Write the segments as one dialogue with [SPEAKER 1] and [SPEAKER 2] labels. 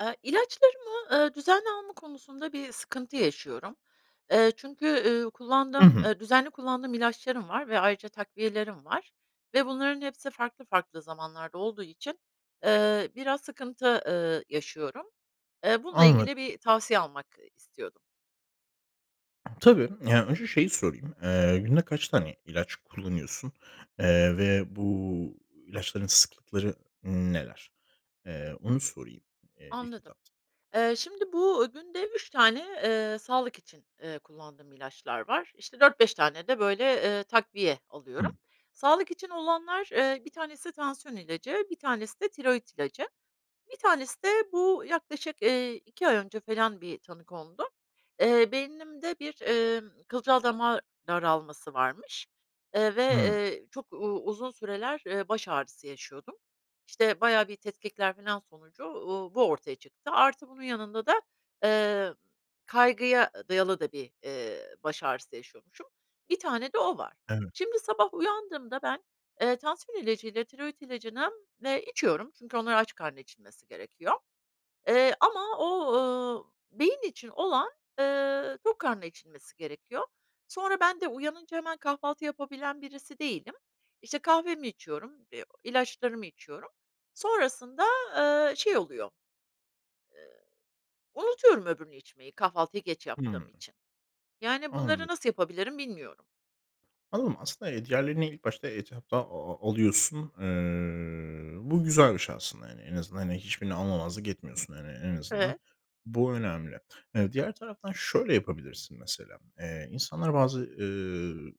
[SPEAKER 1] Eee, ilaçlarımı, eee, düzenli alma konusunda bir sıkıntı yaşıyorum. Eee, çünkü, ııı,
[SPEAKER 2] I
[SPEAKER 1] kullandığım,
[SPEAKER 2] hı.
[SPEAKER 1] eee, düzenli kullandığım ilaçlarım var ve ayrıca takviyelerim var ve bunların hepsi farklı farklı zamanlarda olduğu için, eee, biraz sıkıntı, ııı, yaşıyorum. Eee, bununla
[SPEAKER 2] Anlad
[SPEAKER 1] ilgili bir tavsiye almak, ııı, istiyordum.
[SPEAKER 2] Tabii. Yani önce şeyi sorayım. Eee, günde kaç tane ilaç kullanıyorsun, eee, ve bu ilaçların sıklıkları neler? Eee, onu sorayım, eee, ilk
[SPEAKER 1] Anladım.
[SPEAKER 2] etapta.
[SPEAKER 1] Eee, şimdi bu, günde 3 tane, eee, sağlık için, eee, kullandığım ilaçlar var. İşte 4-5 tane de böyle, eee, takviye alıyorum.
[SPEAKER 2] Hımm.
[SPEAKER 1] Sağlık için olanlar, eee, 1 tanesi tansiyon ilacı, 1 tanesi de tiroit ilacı, 1 tanesi de bu yaklaşık, eee, 2 ay önce falan bir tanı kondu. Eee, beynimde bir, emm, kılcal dama daralması varmış, eee, ve,
[SPEAKER 2] Hımm.
[SPEAKER 1] eee, çok u uzun süreler, eee, baş ağrısı yaşıyordum. İşte bayağı bir tetkikler filan sonucu, uuu, bu ortaya çıktı. Artı bunun yanında da, eee, kaygıya dayalı da bir, eee, baş ağrısı yaşıyormuşum bir tane de o var.
[SPEAKER 2] Evet.
[SPEAKER 1] Şimdi sabah uyandığımda ben, eee, tansiyon ilacıyla, tiroit ilacını, eee, içiyorum çünkü onlar aç karnına içilmesi gerekiyor, eee, ama o, ııı, beyin için olan, eee, tok karnına içilmesi gerekiyor. Sonra ben de uyanınca hemen kahvaltı yapabilen birisi değilim. İşte kahvemi içiyorum, eee, ilaçlarımı içiyorum, sonrasında, eee, şey oluyor eee, unutuyorum öbürünü içmeyi, kahvaltıyı geç yaptığım
[SPEAKER 2] Hımm.
[SPEAKER 1] için. Yani bunları
[SPEAKER 2] Anladım.
[SPEAKER 1] nasıl yapabilirim bilmiyorum.
[SPEAKER 2] Anladım. Aslında, eee, diğerlerini ilk başta etapta a a alıyorsun. Iıı, bu güzel bir şey aslında, hani. En azından hani, hiçbirini almamazlık etmiyorsun hani. En azından
[SPEAKER 1] Evet.
[SPEAKER 2] bu önemli. Eee, diğer taraftan şöyle yapabilirsin mesela, eee, insanlar bazı, ııı,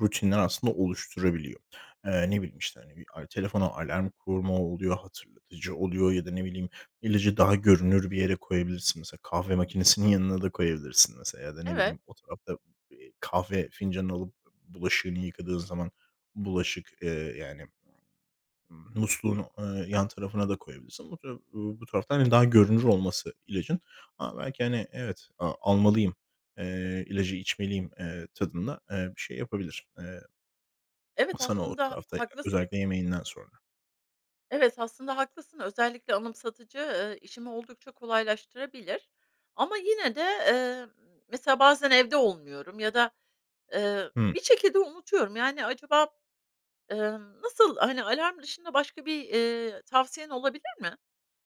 [SPEAKER 2] rutinler aslında oluşturabiliyor. Eee, ne bileyim, işte, hani, bir al telefona alarm kurma oluyor, hatırlatıcı oluyor ya da, ne bileyim, ilacı daha görünür bir yere koyabilirsin. Mesela kahve makinesinin yanına da koyabilirsin mesela ya da, ne
[SPEAKER 1] Evet.
[SPEAKER 2] bileyim, o tarafta, eee, kahve fincanını alıp b bulaşığını yıkadığın zaman bulaşık, ııı, yani musluğun, ııı, yan tarafına da koyabilirsin. But u bu tarafta daha, hani, görünür olması ilacın ama belki, hani, evet, a almalıyım, eee, ilacı içmeliyim, eee, tadında, eee, bir şey yapabilir, eee, eee,
[SPEAKER 1] Evet,
[SPEAKER 2] sana
[SPEAKER 1] aslında
[SPEAKER 2] tarafta e
[SPEAKER 1] haklısın.
[SPEAKER 2] özellikle yemeğinden sonra.
[SPEAKER 1] Evet, aslında haklısın. Özellikle anımsatıcı, ııı, işimi oldukça kolaylaştırabilir ama yine de, emm, mesela bazen evde olmuyorum ya da, ııı,
[SPEAKER 2] Hımm.
[SPEAKER 1] bir şekilde unutuyorum, yani acaba, ımm, nasıl, hani, alarm dışında başka bir, ııı, tavsiyen olabilir mi?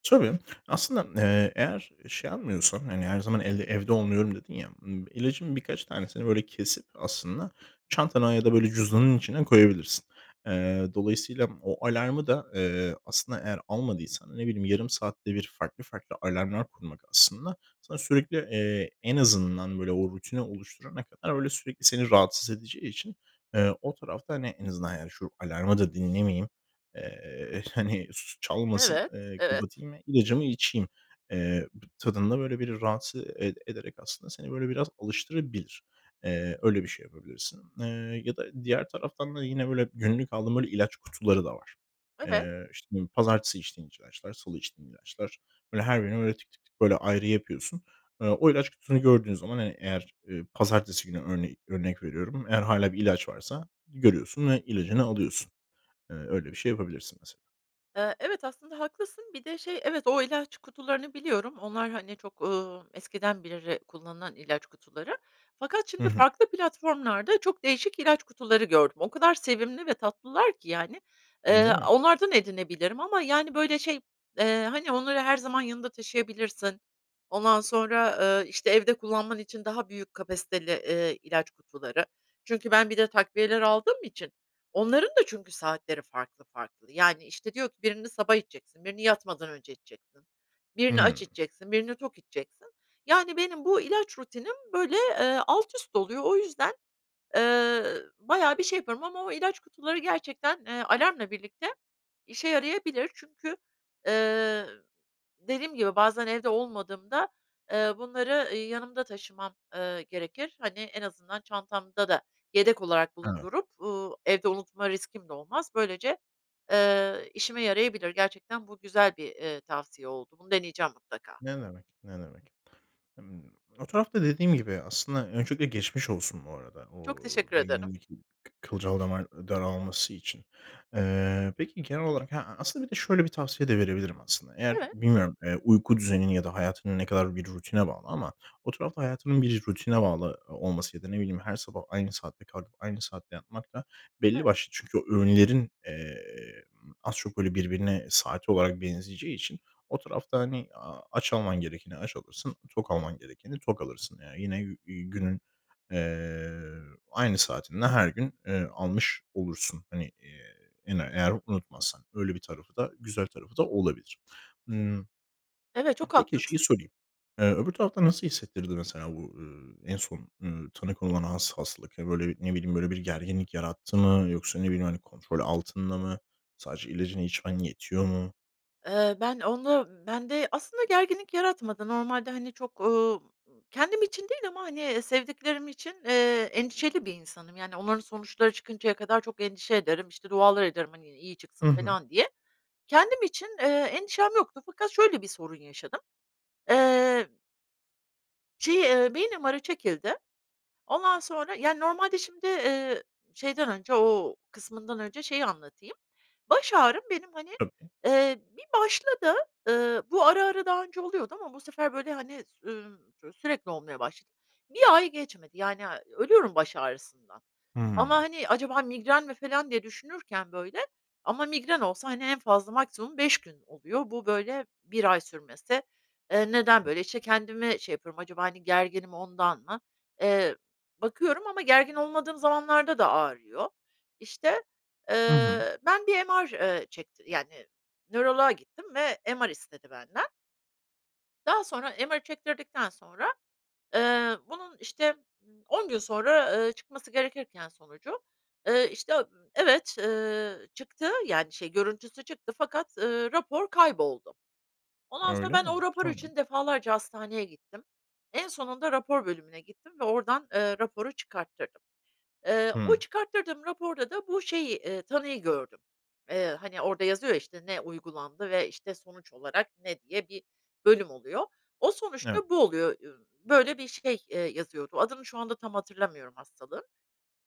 [SPEAKER 2] Tabii, aslında, eee, eğer şey almıyorsan, hani, her zaman el evde olmuyorum dedin ya, ımm, ilacın birkaç tanesini böyle kesip aslında çantana ya da, böyle, cüzdanın içine koyabilirsin. Eee, dolayısıyla m o alarmı da, eee, aslında eğer almadıysan, ne bileyim, yarım saatte bir farklı, farklı alarmlar kurmak aslında sana sürekli, eee, en azından, böyle, o rutini oluşturana kadar öyle sürekli seni rahatsız edeceği için, eee, o tarafta, hani, en azından, yani şu alarmı da dinlemeyeyim, eee, hani, su çalmasın,
[SPEAKER 1] Evet,
[SPEAKER 2] eee,
[SPEAKER 1] evet.
[SPEAKER 2] kapatayım ve ilacımı içeyim, eee, b tadında, böyle, biri rahatsız ede ederek aslında seni, böyle, biraz alıştırabilir. Eee, öyle bir şey yapabilirsin, eee, ya da diğer taraftan da yine, böyle, günlük aldığım, böyle, ilaç kutuları da var.
[SPEAKER 1] Evet.
[SPEAKER 2] Eee, işte, ne bileyim, pazartesi içtiğin iç ilaçlar, salı içtiğin ilaçlar, böyle, her birini tik, tik, tik, böyle ayrı yapıyorsun. Eee, o ilaç kutusunu gördüğün zaman, hani, eğer, eee, pazartesi günü örneğin, örnek veriyorum, eğer hâlâ bir ilaç varsa görüyorsun ve ilacını alıyorsun. Eee, öyle bir şey yapabilirsin mesela.
[SPEAKER 1] Eee, evet, aslında haklısın, bir de şey, evet, o ilaç kutularını biliyorum. Onlar hani, çok, ııı, eskiden beri kullanılan ilaç kutuları fakat
[SPEAKER 2] Hı
[SPEAKER 1] şimdi
[SPEAKER 2] hı.
[SPEAKER 1] farklı platformlarda çok değişik ilaç kutuları gördüm. O kadar sevimli ve tatlılar ki yani,
[SPEAKER 2] Değil
[SPEAKER 1] eee,
[SPEAKER 2] mi?
[SPEAKER 1] onlardan edinebilirim ama, yani, böyle, şey, eee, hani, onları her zaman yanında taşıyabilirsin, ondan sonra, eee, işte, evde kullanman için daha büyük kapasiteli, eee, ilaç kutuları. Çünkü ben bir de takviyeler aldığım için onların da çünkü saatleri farklı, farklı. Yani, işte diyor ki, birini sabah içeceksin, birini yatmadan önce içeceksin, birini aç
[SPEAKER 2] Hımm.
[SPEAKER 1] içeceksin, birini tok içeceksin. Yani, benim bu ilaç rutinim böyle, eee, alt üst oluyor. O yüzden, eee, bayağı bir şey yapıyorum ama o ilaç kutuları gerçekten, eee, alarmla birlikte işe yarayabilir. Çünkü, eee, dediğim gibi, bazen evde olmadığımda, eee, bunları, ııı, yanımda taşımam, eee, gerekir. Hani, en azından çantamda da yedek olarak
[SPEAKER 2] Evet.
[SPEAKER 1] bulundurup, uuu, evde unutma riskim de olmaz. Böylece, eee, işime yarayabilir. Gerçekten bu güzel bir, eee, tavsiye oldu. Bunu deneyeceğim mutlaka.
[SPEAKER 2] Ne demek, ne demek. Imm, o tarafta dediğim gibi aslında Öncelikle geçmiş olsun bu arada o
[SPEAKER 1] Çok teşekkür ederim.
[SPEAKER 2] beynindeki kı kılcal damar daralması için. Eee, peki genel olarak he A aslında bir de şöyle bir tavsiye de verebilirim, aslında. Eğer
[SPEAKER 1] Evet.
[SPEAKER 2] bilmiyorum, eee, uyku düzenin ya da hayatın ne kadar bir rutine bağlı ama o tarafta hayatının bir rutine bağlı o olması ya da, ne bileyim, her sabah aynı saatte kalkıp aynı saatte yatmak da
[SPEAKER 1] Evet.
[SPEAKER 2] belli başlı çünkü o öğünlerin, eee, eee, ımm, az çok, böyle, birbirine saat olarak benzeyeceği için o tarafta hani, aaa, aç alman gerekeni aç alırsın, tok alman gerekeni tok alırsın. Yani yine yü yü günün, eee, aynı saatinde her gün, eee, almış olursun. Hani, iii, ene eğer unutmazsan öyle bir tarafı da, güzel tarafı da olabilir. Hımm.
[SPEAKER 1] Evet,
[SPEAKER 2] Ha,
[SPEAKER 1] çok
[SPEAKER 2] peki
[SPEAKER 1] haklısın.
[SPEAKER 2] şeyi sorayım. Eee, öbür tarafta nasıl hissettirdi mesela bu, eee, en son, eee, tanı konulan has hastalık? Hani, böyle, bir, ne biliyim, böyle bir gerginlik yarattı mı yoksa, ne bileyim, hani, kontrol altında mı? Sadece ilacını içmen yetiyor mu?
[SPEAKER 1] Eee, ben onu, bende aslında gerginlik yaratmadı. Normalde, hani, çok, ııı, kendim için değil ama, hani, sevdiklerim için, eee, endişeli bir insanım yani onların sonuçları çıkıncaya kadar çok endişe ederim, işte, dualar ederim, hani, iyi
[SPEAKER 2] Hı
[SPEAKER 1] çıksın
[SPEAKER 2] hı.
[SPEAKER 1] falan diye. Kendim için, eee, endişem yoktu fakat şöyle bir sorun yaşadım. Eee Şey, eee, beyin MR'ı çekildi. Ondan sonra Yani normalde şimdi, eee, şeyden önce, o kısmından önce şeyi anlatayım. Baş ağrım benim, hani,
[SPEAKER 2] Tabii.
[SPEAKER 1] eee, bir başladı, ııı, bu ara, ara daha önce oluyordu ama bu sefer, böyle, hani, s ümm, ço sürekli olmaya başladı. 1 Ay geçmedi, yani, eee, ölüyorum baş ağrısından ama,
[SPEAKER 2] Hımm.
[SPEAKER 1] hani, "Acaba migren mi?" falan diye düşünürken böyle ama migren olsa, hani, en fazla maksimum 5 gün oluyor, bu böyle 1 ay sürmesi. Eee, neden
[SPEAKER 2] [unintelligible]
[SPEAKER 1] böyle, işte, kendime şey yapıyorum, acaba, hani, gerginim ondan mı? Eee, bakıyorum ama gergin olmadığım zamanlarda da ağrıyor. İşte,
[SPEAKER 2] Hı hı.
[SPEAKER 1] eee, ben bir MR, eee, çekti yani nöroloğa gittim ve MR istedi benden. Daha sonra MR'ı çektirdikten sonra, eee, bunun, işte, 10 gün sonra, eee, çıkması gerekirken sonucu, eee, işte, ııı, evet, ııı, çıktı yani şey görüntüsü çıktı fakat, ııı, rapor kayboldu. Ondan sonra
[SPEAKER 2] Öyle
[SPEAKER 1] ben
[SPEAKER 2] mi?
[SPEAKER 1] o rapor
[SPEAKER 2] Tamam.
[SPEAKER 1] için defalarca hastaneye gittim, en sonunda rapor bölümüne gittim ve oradan, ııı, raporu çıkarttırdım. Iıı, o
[SPEAKER 2] Hımm.
[SPEAKER 1] çıkarttırdığım raporda da bu şeyi, eee, tanıyı gördüm. Eee, hani, orada yazıyor ya, işte, "ne uygulandı ve, işte, sonuç olarak ne" diye bir bölüm oluyor. O
[SPEAKER 2] Evet.
[SPEAKER 1] sonuçta bu oluyor, ü böyle bir şey, eee, yazıyordu. Adını şu anda tam hatırlamıyorum hastalığın.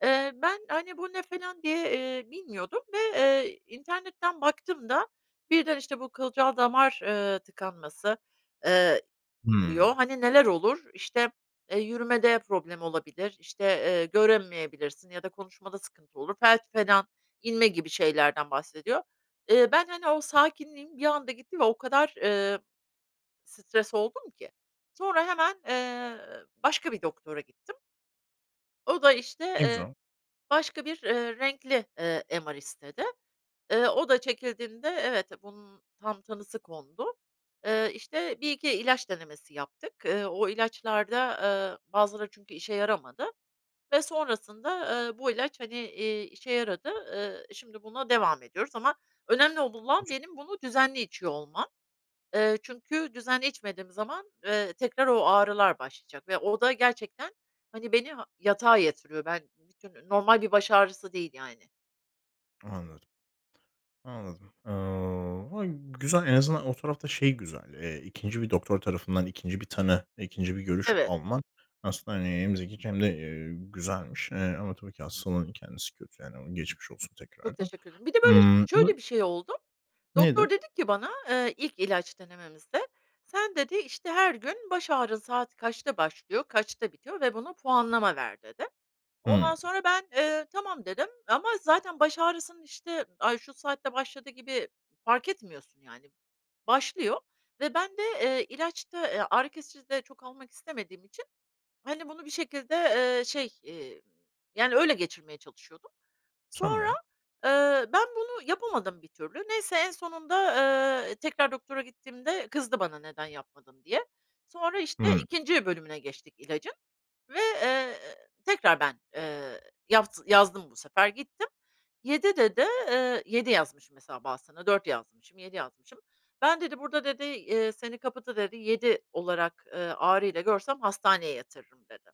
[SPEAKER 1] Eee, ben, hani, bu ne falan diye, eee, bilmiyordum ve, eee, internetten baktım da birden, işte, bu kılcal damar, ııı, tıkanması, eee,
[SPEAKER 2] Hımm.
[SPEAKER 1] diyor. Hani, neler olur? İşte, eee, yürümede problem olabilir, işte, eee, göremeyebilirsin ya da konuşmada sıkıntı olur, felç falan, inme gibi şeylerden bahsediyor. Eee, ben, hani, o sakinliğim bir anda gitti ve o kadar, ııı, stres oldum ki sonra hemen, eee, başka bir doktora gittim. O da işte,
[SPEAKER 2] Ne
[SPEAKER 1] eee,
[SPEAKER 2] güzel.
[SPEAKER 1] başka bir, eee, renkli, ııı, MR istedi. Iıı, o da çekildiğinde evet, bunun tam tanısı kondu. Iıı, işte 1-2 ilaç denemesi yaptık. Iıı, o ilaçlarda, ııı, bazıları çünkü işe yaramadı. Ve sonrasında, ııı, bu ilaç hani, eee, işe yaradı. Iıı, şimdi buna devam ediyoruz. Ama önemli ol olan
[SPEAKER 2] [unintelligible]
[SPEAKER 1] benim bunu düzenli içiyor olmam. Iıı, çünkü düzenli içmediğim zaman, ııı, tekrar o ağrılar başlayacak ve o da gerçekten hani, beni ha yatağa yatırıyor. Ben [unintelligible] normal bir baş ağrısı değil yani.
[SPEAKER 2] Anladım, anladım. Eee, ha, güzel, en azından o tarafta şey güzel, eee, 2'nci bir doktor tarafından 2'nci bir tanı, 2'nci bir görüş
[SPEAKER 1] Evet.
[SPEAKER 2] alman aslında, hani, hem zekice hem de, eee, güzelmiş, eee, ama tabii ki hastalığın kendisi kötü yani geçmiş olsun
[SPEAKER 1] Çok
[SPEAKER 2] tekrardan.
[SPEAKER 1] teşekkür ederim. Bir de böyle ş
[SPEAKER 2] Imm
[SPEAKER 1] şöyle bir şey oldu. Doktor
[SPEAKER 2] Nedir?
[SPEAKER 1] dedi ki bana, eee, ilk ilaç denememizde, "sen" dedi, işte, "Her gün baş ağrın saat kaçta başlıyor, kaçta bitiyor ve buna puanlama ver." dedi.
[SPEAKER 2] Hımm.
[SPEAKER 1] Ondan sonra ben, eee, "tamam" dedim ama zaten baş ağrısının, işte, ay şu saatte başladı gibi fark etmiyorsun yani. Başlıyor ve ben de, eee, ilaç da, eee, ağrı kesici de çok almak istemediğim için, hani, bunu bir şekilde, eee, şey, eee, yani öyle geçirmeye çalışıyordum. Sonra,
[SPEAKER 2] Tamam.
[SPEAKER 1] ııı, ben bunu yapamadım bir türlü. Neyse, en sonunda, ııı, tekrar doktora gittiğimde kızdı bana neden yapmadın diye. Sonra işte
[SPEAKER 2] Hımm.
[SPEAKER 1] 2'nci bölümüne geçtik ilacın ve, eee, tekrar ben, eee, yavz yazdım bu sefer. Gittim 7 dedi, ııı, 7 yazmışım mesela bazısına 4 yazmışım, 7 yazmışım. "Ben" dedi, "burada" dedi, eee, "seni kapıda" dedi, "7 olarak, eee, ağrıyla görsem hastaneye yatırırım" dedi.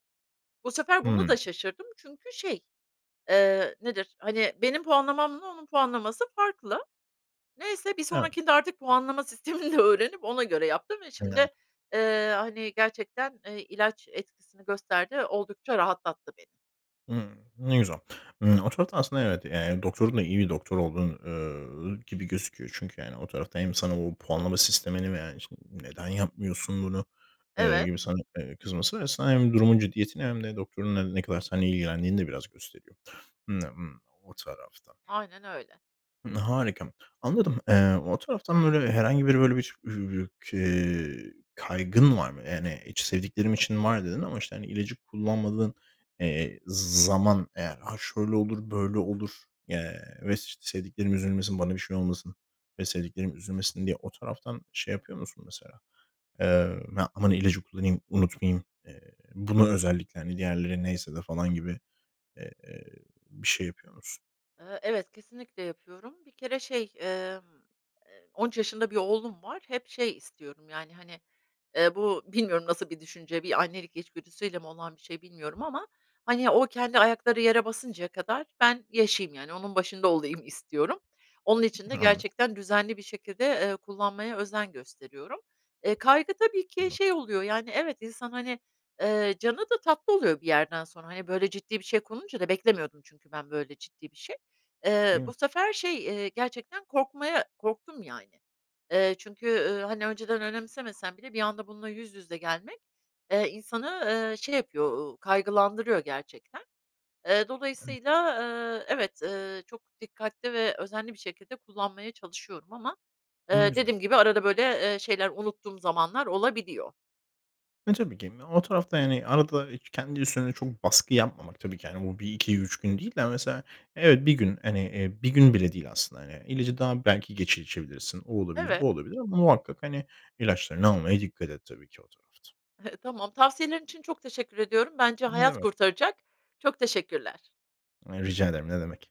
[SPEAKER 1] Bu sefer buna
[SPEAKER 2] Hımm.
[SPEAKER 1] da şaşırdım çünkü şey, eee, nedir, hani, benim puanlamamla onun puanlaması farklı. Neyse, bir
[SPEAKER 2] Evet.
[SPEAKER 1] sonrakinde artık puanlama sistemini de öğrenip ona göre yaptım ve
[SPEAKER 2] [unintelligible]
[SPEAKER 1] şimdi, eee, hani, gerçekten, eee, ilaç etkisini gösterdi ve oldukça rahatlattı beni.
[SPEAKER 2] Imm. Ne güzel. Imm, o tarafta aslında, evet, eee, yani doktorun da iyi bir doktor olduğu, üüü, gibi gözüküyor. Çünkü yani o tarafta hem sana o puanlama sistemini veya, işte, "Neden yapmıyorsun bunu!" eee,
[SPEAKER 1] Evet.
[SPEAKER 2] gibi sana, eee, kızması ve [unintelligible] hem durumun ciddiyetini hem de doktorun ne ne kadar senle ilgilendiğini de biraz gösteriyor o tarafta.
[SPEAKER 1] Aynen öyle.
[SPEAKER 2] Imm. Harika. Anladım. Eee, o taraftan böyle herhangi bir böyle bir [unintelligible] kaygın var mı? Yani hiç sevdiklerim için var dedin ama, işte, ilacı kullanmadığın, eee, z zaman eğer, ha, şöyle olur, böyle olur ya ves ş sevdiklerim üzülmesin, bana bir şey olmasın ve sevdiklerim üzülmesin diye o taraftan şey yapıyor musun mesela? Eee, ya aman ilacı kullanayım, unutmayayım. Eee, bunu özellikle hani diğerleri neyse de falan gibi, eee, bir şey yapıyor musun?
[SPEAKER 1] Eee, evet, kesinlikle yapıyorum. Bir kere şey, emm, eee, 13 yaşında bir oğlum var, hep şey istiyorum yani, hani, eee, bu bilmiyorum nasıl bir düşünce, bir annelik içgüdüsüyle mi olan bir şey bilmiyorum ama, hani, o kendi ayakları yere basıncaya kadar ben yaşayayım yani onun başında olayım istiyorum. Onun için de
[SPEAKER 2] Anladım.
[SPEAKER 1] gerçekten düzenli bir şekilde, eee, kullanmaya özen gösteriyorum. Eee, kaygı tabii ki
[SPEAKER 2] Güzel.
[SPEAKER 1] şey oluyor yani evet, insan hani, eee, canı da tatlı oluyor bir yerden sonra. Hani, böyle ciddi bir şey konunca da beklemiyordum çünkü ben böyle ciddi bir şey. Eee,
[SPEAKER 2] Değil mi?
[SPEAKER 1] bu sefer şey, eee, gerçekten korkmaya korktum yani. Eee, çünkü, üüü, hani, önceden önemsemesem bile bir anda bununla yüz yüze gelmek, eee, insanı, eee, şey yapıyor, ııı, kaygılandırıyor gerçekten. Eee,
[SPEAKER 2] Evet.
[SPEAKER 1] dolayısıyla, eee, evet, eee, çok dikkatli ve özenli bir şekilde kullanmaya çalışıyorum ama,
[SPEAKER 2] Ne
[SPEAKER 1] eee,
[SPEAKER 2] güzel.
[SPEAKER 1] dediğim gibi arada böyle, eee, şeyler, unuttuğum zamanlar olabiliyor.
[SPEAKER 2] E, tabii ki. O tarafta yani arada, ııı, k kendi üstüne çok baskı yapmamak tabii ki, hani, bu 1-2-3 gün değil de mesela evet, 1 gün hani, eee, 1 gün bile değil aslında yani ilacı daha belki geç içebilirsin. O olabilir,
[SPEAKER 1] Evet.
[SPEAKER 2] bu olabilir ama muhakkak hani, ilaçlarını almaya dikkat et tabii ki o tarafta.
[SPEAKER 1] Tamam, tavsiyelerin için çok teşekkür ediyorum, bence
[SPEAKER 2] Ne
[SPEAKER 1] hayat
[SPEAKER 2] demek.
[SPEAKER 1] kurtaracak. Çok teşekkürler.
[SPEAKER 2] E, rica ederim, ne demek.